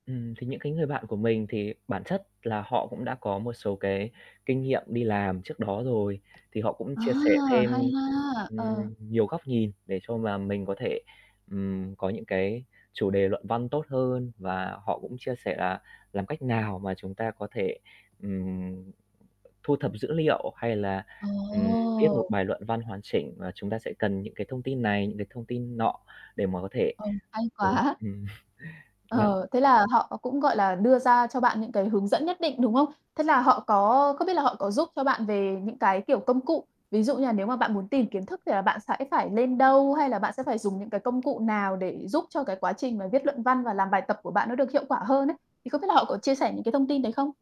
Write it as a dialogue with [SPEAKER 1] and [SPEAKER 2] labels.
[SPEAKER 1] Ừm, thì những cái người bạn của mình thì bản chất là họ cũng đã có một số cái kinh nghiệm đi làm trước đó rồi, thì họ cũng
[SPEAKER 2] À,
[SPEAKER 1] chia sẻ
[SPEAKER 2] hay
[SPEAKER 1] thêm,
[SPEAKER 2] ha. Ờ.
[SPEAKER 1] ừm, nhiều góc nhìn để cho mà mình có thể, ừm, có những cái chủ đề luận văn tốt hơn. Và họ cũng chia sẻ là làm cách nào mà chúng ta có thể, ừm, thu thập dữ liệu, hay là, ừm, viết một
[SPEAKER 2] Ồ.
[SPEAKER 1] bài luận văn hoàn chỉnh và chúng ta sẽ cần những cái thông tin này, rồi thông tin nọ để mà có thể
[SPEAKER 2] Ừ, hay
[SPEAKER 1] đưa ra,
[SPEAKER 2] quá!
[SPEAKER 1] ừm, vâng.
[SPEAKER 2] Ờ, thế là họ cũng, gọi là, đưa ra cho bạn những cái hướng dẫn nhất định, đúng không? Thế là họ có có biết là họ có giúp cho bạn về những cái, kiểu, công cụ, ví dụ như là nếu mà bạn muốn tìm kiến thức thì là bạn sẽ phải lên đâu, hay là bạn sẽ phải dùng những cái công cụ nào để giúp cho cái quá trình mà viết luận văn và làm bài tập của bạn nó được hiệu quả hơn ấy, thì không biết là họ có chia sẻ những cái thông tin đấy không?